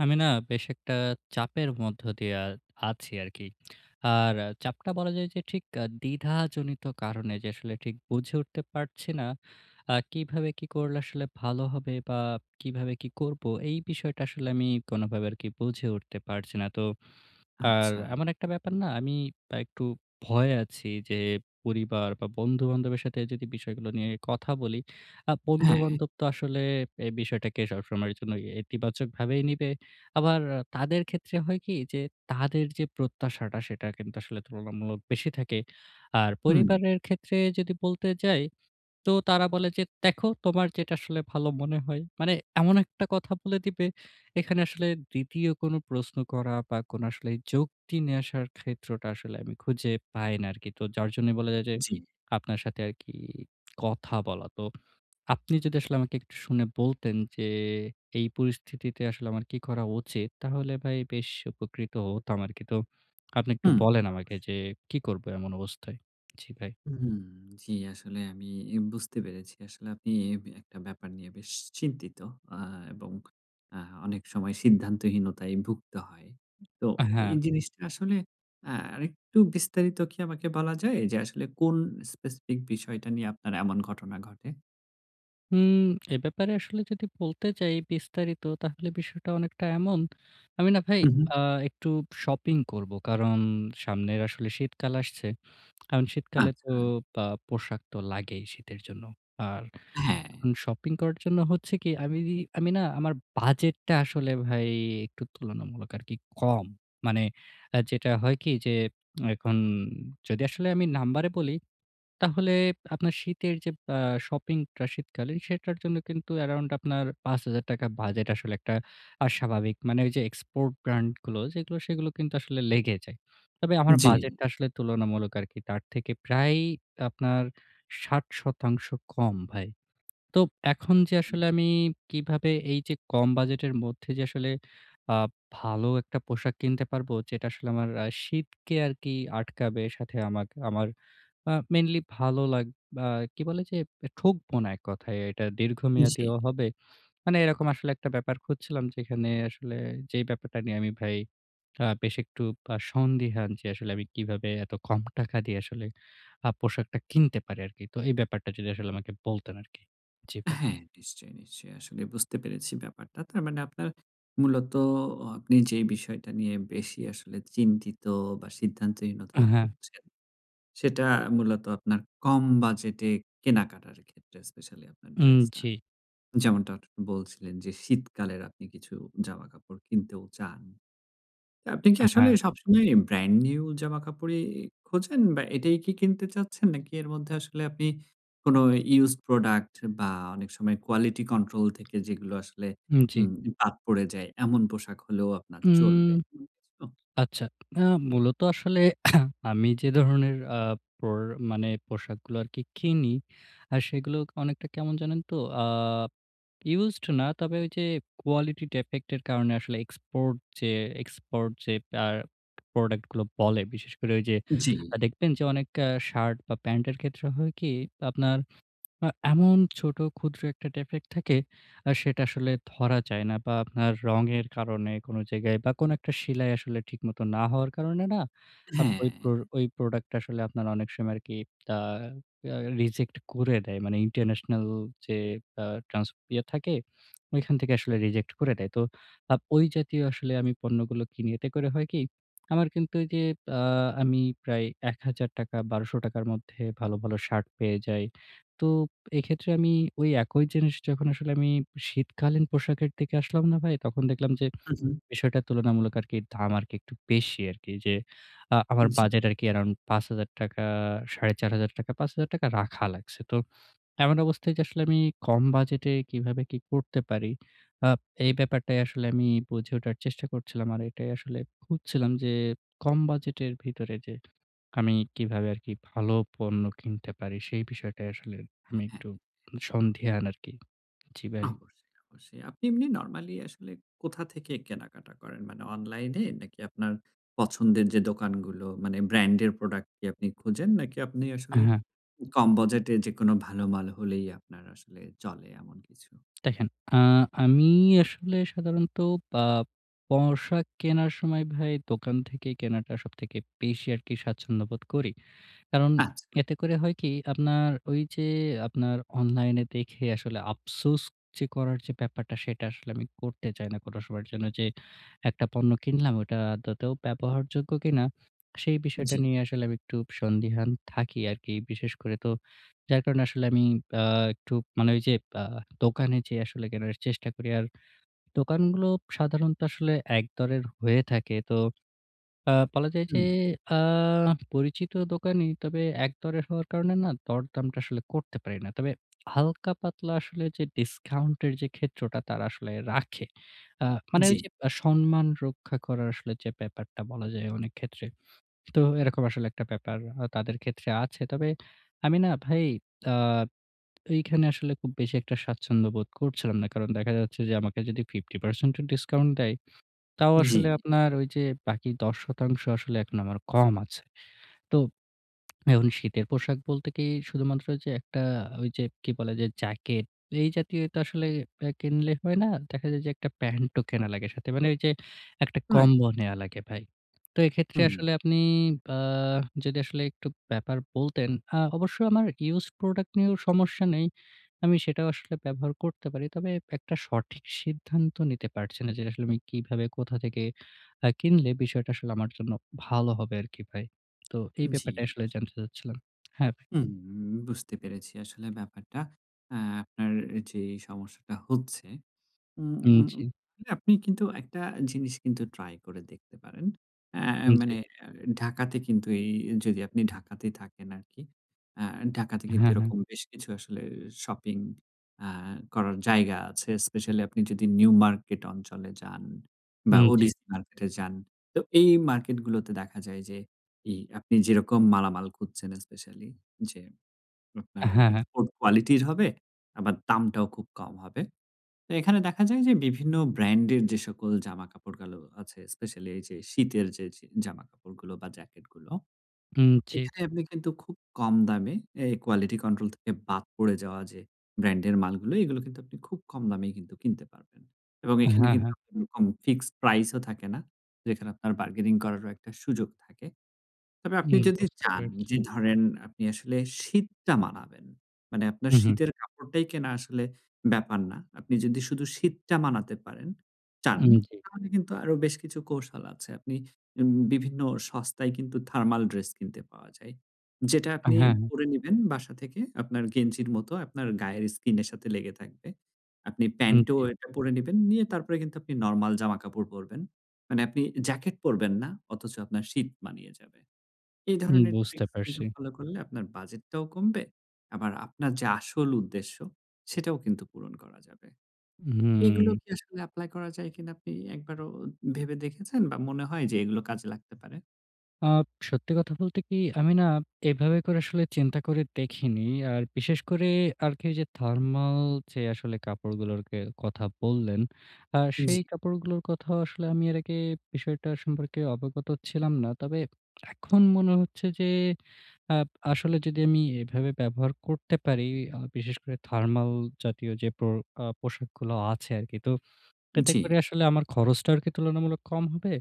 আমি না বেশ একটা চাপের মধ্য দিয়ে আ আছি আরকি। আর চাপটা বলা যায় যে ঠিক দ্বিধাজনিত কারণে যে আসলে ঠিক বুঝে উঠতে পারছি না। আ কিভাবে কি করলে আসলে ভালো হবে বা কিভাবে কি করব এই বিষয়টা আসলে আমি কোনোভাবে আরকি বুঝে উঠতে পারছি না তো। আর আচ্ছা। এমন একটা ব্যাপার না আমি একটু ভয়ে আছি যে পরিবার বা বন্ধু-বান্ধবের সাথে যদি বিষয়গুলো নিয়ে কথা বলি আ হ্যাঁ। বন্ধু-বান্ধব তো আসলে এই বিষয়টাকে সবসময়ের জন্য ইতিবাচকভাবে নিবে। আবার তাদের ক্ষেত্রে হয় কি যে তাদের যে প্রত্যাশাটা সেটা কিন্তু আসলে তুলনামূলক বেশি থাকে। আর হুম। পরিবারের ক্ষেত্রে যদি বলতে যাই তো তারা বলে যে "দেখো তোমার যেটা আসলে ভালো মনে হয়।" মানে এমন একটা কথা বলে দিবে। এখানে আসলে ২য় কোনো প্রশ্ন করা বা কোনো আসলে যুক্তি নিয়ে আসার ক্ষেত্রটা আসলে আমি খুঁজে পাই না আরকি। তো যার জন্য বলা যাই যে জি। আপনার সাথে আরকি কথা বলা। তো আপনি যদি আমাকে একটু শুনে বলতেন যে এই পরিস্থিতিতে আসলে আমার কি করা উচিত তাহলে ভাই বেশ উপকৃত হতাম আরকি। তো আপনি একটু হুম। বলেন আমাকে অবশ্যই। যে কি করব এমন অবস্থায়? জি ভাই। হুম। জি, আসলে আমি বুঝতে পেরেছি। আসলে আপনি একটা ব্যাপার নিয়ে বেশ চিন্তিত আ এবং আ অনেক সময় সিদ্ধান্তহীনতায় ভুক্তে হয়। তো এই হ্যাঁ। জিনিসটা আসলে আ আরেকটু বিস্তারিত কি আমাকে বলা যায় যে আসলে কোন স্পেসিফিক বিষয়টা নিয়ে আপনার এমন ঘটনা ঘটে? হুম এ ব্যাপারে আসলে যদি বলতে চাই বিস্তারিত তাহলে বিষয়টা অনেকটা এমন। আমি না ভাই হু, হু। আ একটু shopping করব। কারণ সামনের আসলে শীতকাল আসছে। কারণ শীতকালে তো আচ্ছা। আ পোশাক তো লাগেই শীতের জন্য। আর হ্যাঁ। শপিং করার জন্য হচ্ছে কি আমি বি আমি না আমার বাজেটটা আসলে ভাই একটু তুলনামূলক আরকি কম। মানে আ যেটা হয় কি যে এখন যদি আসলে আমি নাম্বারে বলি তাহলে আপনার শীতের যে বা শপিংটা শীতকালীন সেটার জন্য কিন্তু আরাউন্ড আপনার ৳৫০০০ বাজেট আসলে একটা আ অস্বাভাবিক। মানে ওই যে export brand গুলো সেগুলো সেগুলো কিন্তু আসলে লেগে যায়। তবে আমার জি। বাজেটটা আসলে তুলনামূলক আরকি তার থেকে প্রায় আপনার ৬০% কম ভাই। তো এখন যে হুম। আসলে আমি কিভাবে এই যে কম বাজেটের মধ্যে যে আসলে আব ভালো একটা পোশাক কিনতে পারবো যেটা আসলে আমার আ শীতকে আরকি আটকাবে সাথে আমাকে আমার আ mainly ভালো লাগ আ কি বলে যে? ঠকবো না এক কথায় এটা দীর্ঘমেয়াদীও জি। হবে। মানে এরকম আসলে একটা ব্যাপার খুঁজছিলাম যেখানে আসলে যে ব্যাপারটা নিয়ে আমি ভাই আ বেশ একটু আ সন্দিহান যে আসলে আমি কিভাবে এত কম টাকা দিয়ে আসলে আ পোশাকটা কিনতে পারি আরকি? তো এই ব্যাপারটা যদি আসলে আমাকে বলতেন আরকি। জি ভাই। হ্যাঁ, নিশ্চয়ই, নিশ্চয়ই। আসলে বুঝতে পেরেছি ব্যাপারটা। তার মানে আপনার মূলত আ আপনি যে বিষয়টা নিয়ে বেশি আসলে চিন্তিত বা সিদ্ধান্তহীনতায় হ্যাঁ। ভুগছেন, সেটা মূলত আপনার কম বাজেটে কেনাকাটার ক্ষেত্রে specially আপনার হুম, dress টা। জি। যেমনটা বলছিলেন যে শীতকালের আপনি কিছু জামাকাপড় কিনতেও চান। তো আপনি কি আসলে হ্যাঁ। সবসময় brand new জামাকাপড়ই খোঁজেন, বা এটাই কি কিনতে চাচ্ছেন? নাকি এর মধ্যে আসলে আপনি কোনো used product বা অনেক সময় quality control থেকে যেগুলো আসলে হুম, জি। উম বাদ পড়ে যায় এমন পোশাক হলেও আপনার হুম, চলবে? উম হুম। আচ্ছা, আ মূলত আসলে আমি যে ধরনের আ পড় মানে পোশাকগুলো আরকি কিনি আ সেগুলো অনেকটা কেমন জানেন তো? আ used না। তবে ওই যে quality defect এর কারণে আসলে export যে export যে আ product গুলো বলে বিশেষ করে ঐ যে আ জি। দেখবেন যে অনেক shirt বা pant এর ক্ষেত্রে হয় কি? আপনার আ এমন ছোট ক্ষুদ্র একটা defect থাকে আ সেটা আসলে ধরা যায় না বা আপনার রঙের কারণে কোন জায়গায় বা কোন একটা সিলাই আসলে ঠিকমত না হওয়ার কারণে না আ ওই, হ্যাঁ। ওই product টা আসলে আপনার অনেক সময় আরকি আ রা রিজেক্ট করে দেয়। মানে international যে আ ট্রান্সপিয়ার থাকে ওইখান থেকে আসলে reject করে দেয়। তো আ ওই জাতীয় আসলে আমি পণ্যগুলো কিনি। এতে করে হয় কি? আমার কিন্তু এই যে আ আমি প্রায় ৳১০০০, ৳১২০০ র মধ্যে ভালো, ভালো shirt পেয়ে যাই। তো এক্ষেত্রে আমি ওই একই জিনিস যখন আসলে আমি শীতকালীন পোশাকের দিকে আসলাম না ভাই, তখন দেখলাম যে উহু। বিষয়টা তুলনামূলক আরকি দাম আর একটু বেশি আরকি যে আ আমার জি। বাজেট আরকি around ৳৫০০০ ৳৪৫০০, ৳৫০০০ রাখা লাগছে। তো এমন অবস্থায় যে এটা আসলে আমি কম বাজেটে কিভাবে কি করতে পারি। আ এই ব্যাপারটাই আসলে আমি বুঝে ওঠার চেষ্টা করছিলাম। আর এটাই আসলে খুঁজছিলাম যে কম বাজেটের ভিতরে যে আমি কিভাবে আরকি ভালো পণ্য কিনতে পারি? সেই বিষয়টাই আসলে আমি হ্যাঁ। একটু সন্ধিহান আরকি, জি ভাই। অবশ্যই, অবশ্যই। আপনি এমনি normally আসলে কোথা থেকে কেনাকাটা করেন? মানে online এ নাকি আপনার পছন্দের যে দোকানগুলো মানে brand এর product কি আপনি খুঁজেন নাকি আপনি অ্যা আসলে হ্যাঁ। কম বাজেটে যেকোনো ভালো মাল হলেই আপনার আসলে চলে এমন কিছু? দেখেন, আ আমি আসলে সাধারণত আ পোশাক কেনার সময় ভাই দোকান থেকে কেনাটা সবথেকে বেশি আরকি স্বাচ্ছন্দ্যবোধ করি। কারণ আচ্ছা। এতে করে হয় কি? আপনার ওই যে আপনার অনলাইনে দেখে আসলে আফসোস যে করার যে ব্যাপারটা সেটা আসলে আমি করতে চাই না কোনো সময়ের জন্য যে একটা পণ্য কিনলাম, ওটা আদৌতেও ব্যবহারযোগ্য কিনা সেই বিষয়টা জি। নিয়ে আসলে আমি একটু সন্দিহান থাকি আরকি। বিশেষ করে তো যার কারণে আসলে আমি আ একটু মানে ওই যে আ দোকানে যেয়ে আসলে কেনার চেষ্টা করি। আর দোকানগুলো সাধারণত আসলে একদরের হয়ে থাকে। তো আ বলা যায় যে হুম। আ পরিচিত দোকানই তবে একদরের হওয়ার কারণে না দরদামটা আসলে করতে পারি না। তবে হালকা পাতলা আসলে যে discount এর যে ক্ষেত্রটা তারা আসলে রাখে। আ মানে ওই জি। যে মানে সম্মান রক্ষা করার আসলে যে ব্যাপারটা বলা যায় অনেক ক্ষেত্রে। তো এরকম আসলে একটা ব্যাপার হয় তাদের ক্ষেত্রে আছে। তবে আমি না ভাই আ এখানে আসলে খুব বেশি একটা স্বাচ্ছন্দ্য বোধ করছিলাম না। কারণ দেখা যাচ্ছে যে আমাকে যদি 50% ও discount দেয় তাও জি। আসলে আপনার ওই যে বাকি ১০% আসলে এখন আমার কম আছে। তো শীতের পোশাক বলতে কি? শুধুমাত্র একটা ঐযে কি বলে? যে jacket এই জাতীয় একটা আসলে কিনলে হয় না। দেখা যায় যে একটা প্যান্টও কেনা লাগে সাথে মানে ওই যে একটা রাইট। combo নেয়া লাগে ভাই। তো এক্ষেত্রে হুম। আসলে আপনি আ যদি আসলে একটু ব্যাপার বলতেন, আ অবশ্যই আমার ইউজড প্রোডাক্ট নিয়েও সমস্যা নেই। আমি সেটাও আসলে ব্যবহার করতে পারি। তবে একটা সঠিক সিদ্ধান্ত নিতে পারছি না যে আসলে আমি কিভাবে কোথা থেকে আ কিনলে বিষয়টা আসলে আমার জন্য ভালো হবে আরকি ভাই। তো এই জি, ব্যাপারটাই আসলে জানতে আসলেই। চাচ্ছিলাম। হ্যাঁ, ভাই। হুম, বুঝতে পেরেছি আসলে ব্যাপারটা। আ আপনার যে সমস্যাটা হচ্ছে হুম, উম জি। আপনি কিন্তু একটা জিনিস কিন্তু ট্রাই করে দেখতে পারেন। এ হুম, জি। মানে ঢাকাতে কিন্তু এই যদি আপনি ঢাকাতেই থাকেন আরকি, আ ঢাকাতে কিন্তু হ্যাঁ, হ্যাঁ। এরকম বেশ কিছু আসলে শপিং আ করার জায়গা আছে। স্পেশালি আপনি যদি নিউ মার্কেট অঞ্চলে যান, বা হুম, জি। ওডিসি মার্কেটে যান, তো এই মার্কেট গুলোতে দেখা যায় যে এই আপনি যেরকম মালামাল খুঁজছেন, স্পেশালি যে আপনার হ্যাঁ, হ্যাঁ। এক্সপোর্ট কোয়ালিটির হবে আবার দামটাও খুব কম হবে। তো এখানে দেখা যায় যে বিভিন্ন ব্র্যান্ডের যে সকল জামা কাপড় গুলো আছে, স্পেশাল এই যে শীতের যে, যে জামাকাপড়গুলো বা জ্যাকেট গুলো। উম জি। এখানে আপনি কিন্তু খুব কম দামে এই কোয়ালিটি কন্ট্রোল থেকে বাদ পড়ে যাওয়া যে ব্র্যান্ডের মালগুলো এগুলো কিন্তু আপনি খুব কম দামেই কিন্তু কিনতে পারবেন। এবং এখানে হ্যাঁ, কিন্তু হ্যাঁ। ফিক্সড প্রাইস ও থাকে না, যেখানে আপনার বার্গেনিং করারও একটা সুযোগ থাকে। তবে আপনি হুম, যদি বুঝতে চান পেরেছি। যে ধরেন আপনি আসলে শীতটা মানাবেন, মানে আপনার হুম, হুম। শীতের কাপড়টাই কেনা আসলে ব্যাপার না, আপনি যদি শুধু শীতটা মানাতে পারেন চান হুম, জি। তাহলে কিন্তু আরো বেশ কিছু কৌশল আছে। আপনি উম বিভিন্ন সস্তায় কিন্তু থার্মাল ড্রেস কিনতে পাওয়া যায়, যেটা হ্যাঁ, আপনি হ্যাঁ। পরে নিবেন বাসা থেকে, আপনার গেঞ্জির মতো আপনার গায়ের স্কিনের সাথে লেগে থাকবে। আপনি হুম, প্যান্ট ও জি। একটা পরে নিবেন, নিয়ে তারপরে কিন্তু আপনি নরমাল জামাকাপড় পরবেন। মানে আপনি জ্যাকেট পরবেন না অথচ আপনার শীত মানিয়ে যাবে। এ হুম ধরনের বুঝতে ট্রিকস কিন্তু পারছি। ফলো করলে আপনার বাজেট টাও কমবে, আবার আপনার যে আসল উদ্দেশ্য সেটাও কিন্তু পূরণ করা যাবে। এ এগুলো হুম। কি আসলে এপ্লাই করা যায় কিনা আপনি একবারও ভেবে দেখেছেন বা মনে হয় যে এগুলো কাজে লাগতে পারে? আব সত্যি কথা বলতে কি, আমি না এভাবে করে আসলে চিন্তা করে দেখিনি। আর বিশেষ করে আর কি যে, থার্মাল যে আসলে কাপড়গুলোর কে কথা বললেন, আ জি। সেই কাপড়গুলোর কথাও আসলে আমি এর আগে বিষয়টা সম্পর্কে অবগত ছিলাম না। তবে এখন মনে হচ্ছে যে, আব আসলে যদি আমি এভাবে ব্যবহার করতে পারি, আ বিশেষ করে থার্মাল জাতীয় যে, পো আ পোশাকগুলো আছে আর কি। তো, এতে জি। করে আসলে আমার খরচটা আর কি তুলনামূলক কম হবে?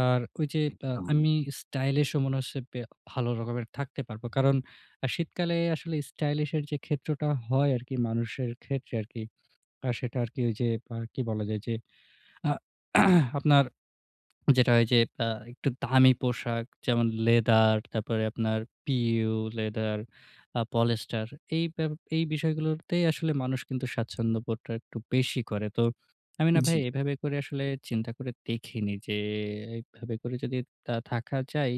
আর ঐ যে আ একদম। আমি স্টাইলিশ ও এমন আছে ব্যা ভালো রকমের থাকতে পারবো। কারণ আ শীতকালে আসলে স্টাইলিশের যে ক্ষেত্রটা হয় আর কি, মানুষের ক্ষেত্রে আর কি। আ সেটা আর কি ঐ যে আ কি বলা যায়? ঐ যে, আ আপনার যেটা হয় যে আ একটু দামি পোশাক যেমন, leather, তারপরে আপনার PU leather, আ polyester এই বেপ এই বিষয়গুলোতেই আসলে মানুষ কিন্তু স্বাচ্ছন্দ্যবোধটা একটু বেশি করে। তো আমি না ভাই জি। এভাবে করে আসলে চিন্তা করে দেখিনি যে, এভাবে করে যদি আ থাকা যায়,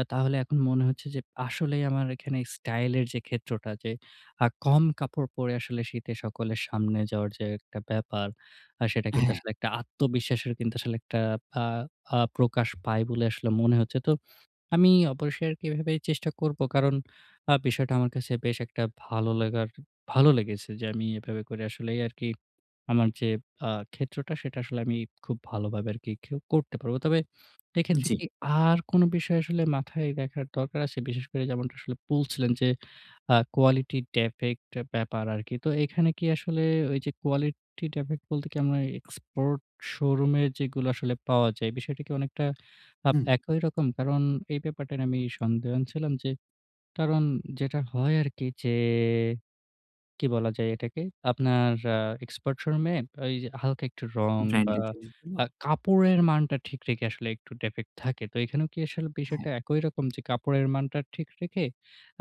আ তাহলে এখন মনে হচ্ছে যে, আসলেই আমার এখানে স্টাইলের যে ক্ষেত্রটা যে, আ কম কাপড় পরে আসলে শীতে সকলের সামনে যাওয়ার যে একটা ব্যাপার। আ সেটা কিন্তু হ্যাঁ। আসলে একটা আত্মবিশ্বাসের কিন্তু আসলে একটা আ আ প্রকাশ পায় বলে আসলে মনে হচ্ছে। তো, আমি অবশ্যই আর কি ঐ ভাবেই চেষ্টা করব কারণ আ বিষয়টা আমার কাছে বেশ একটা ভালো লাগার, ভালো লেগেছে যে, আমি এভাবে করে আসলে, এই আর কি আমার যে, আ ক্ষেত্রটা সেটা আসলে আমি খুব ভালোভাবে আর কি খেউ করতে পারবো। তবে এক্ষেত্রে জি। কি আর কোন বিষয় আসলে মাথায় রাখার দরকার আছে? বিশেষ করে যেমনটা আসলে বলছিলেন যে, আ quality defect এ ব্যাপার আর কি। তো এখানে কি আসলে, ঐ যে, quality defect বলতে কি আমরা এক্সপোর্ট শো-রুমের যেগুলা আসলে পাওয়া যায়? বিষয়টা কি অনেকটা আব হুম। একই রকম? কারণ এই ব্যাপারটা নিয়ে আমি সন্দেহান ছিলাম যে, কারণ যেটা হয় আর কি যে, কি বলা যায় এটাকে? আপনার আ এক্সপার্ট শো-রুমে ঐ যে হালকা একটু রং বা ব্র্যান্ডের জিনিসগুলো? আ কাপড়ের মানটা ঠিক রেখে আসলে, একটু defect থাকে। তো এখানে কি আসলে হ্যাঁ। বিষয়টা একই রকম যে, কাপড়ের মানটা ঠিক রেখে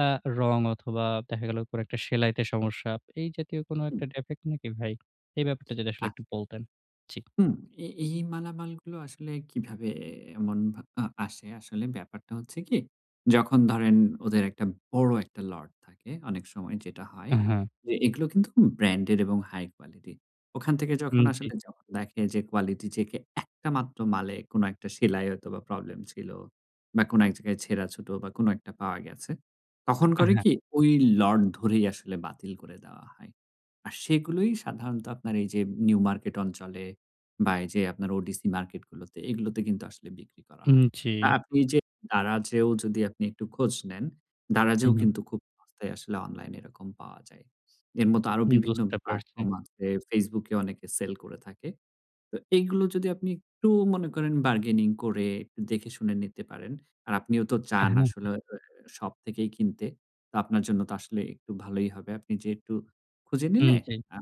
আ রং অথবা দেখা গেল কোন একটা সেলাইতে সমস্যা, এই জাতীয় কোন হুম। একটা defect নাকি ভাই? এই ব্যাপারটা যদি আসলে আচ্ছা। একটু বলতেন। জি। হুম, এ এই মালামালগুলো আসলে কিভাবে মন ভা আ আসে? আসলে ব্যাপারটা হচ্ছে কি? যখন ধরেন ওদের ১ টা বড় ১ টা লট থাকে অনেক সময় যেটা হয় আ, হ্যা। যে, এগুলো কিন্তু ব্র্যান্ডের এবং হাই-কোয়ালিটির। ওখান থেকে হুম, যখন জি। আসলে, যখন দেখে যে quality check এ ১ টা মাত্র মালে কোন একটা সেলাই হয়তো বা প্রবলেম ছিল বা কোন এক জায়গায় ছেঁড়া ছোট বা কোন ১ টা পাওয়া গেছে তখন অ্যা, করে হ্যাঁ। কি? ঐ লট ধরেই আসলে বাতিল করে দেওয়া হয়। আর সেগুলোই সাধারণত আপনার এই যে, নিউ মার্কেট অঞ্চলে বা এই যে আপনার ODC মার্কেটগুলোতে, এগুলোতে কিন্তু আসলে বিক্রি করা হুম, হয়। জি। আ আপনি যে Daraz এ ও যদি আপনি একটু খোঁজ নেন, Daraz উ এ ও হুম। কিন্তু খুব সস্তায় আসলে অনলাইন এরকম পাওয়া যায়। এর মতো আরো হু, বিভিন্ন বুঝতে পারছি। প্লাটফর্ম আছে, Facebook এ অনেকে সেল করে থাকে। তো এগুলো যদি আপনি একটু মনে করেন, bargaining করে, একটু দেখে শুনে নিতে পারেন আর আপনিও তো হ্যাঁ, চান হ্যাঁ। আসলে এ এ শপ থেকেই কিনতে। তো আপনার জন্য তো আসলে একটু ভালোই হবে। আপনি যেয়ে একটু খুঁজে হুম, নিলে, জি। আ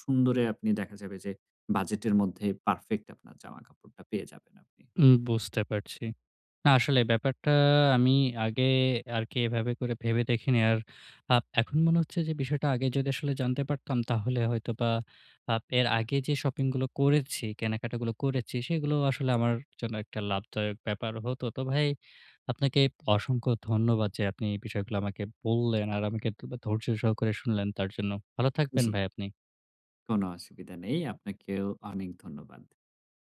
সুন্দরে আপনি দেখা যাবে যে, বাজেটের মধ্যে পারফেক্ট আপনার জামা-কাপড়টা পেয়ে যাবেন আপনি। হুম, বুঝতে পারছি। না, আসলে ব্যাপারটা আমি আগে আর কি এভাবে করে ভেবে দেখিনি। আর আ এখন মনে হচ্ছে যে, বিষয়টা আগে যদি আসলে জানতে পারতাম তাহলে হয়তোবা আ এর আগে যে শপিং গুলো করেছি, কেনাকাটা গুলো করেছি, সেগুলো আসলে আমার জন্য একটা লাভদায়ক ব্যাপার হতো। তো ভাই, আপনাকে অসংখ্য ধন্যবাদ যে, আপনি এই বিষয়গুলো আমাকে বললেন আর আমাকে এতই বা ধৈর্য সহকারে শুনলেন তার জন্য, ভালো থাকবেন জি। ভাই আপনি। কোন অসুবিধা নেই, আপনাকেও অনেক ধন্যবাদ।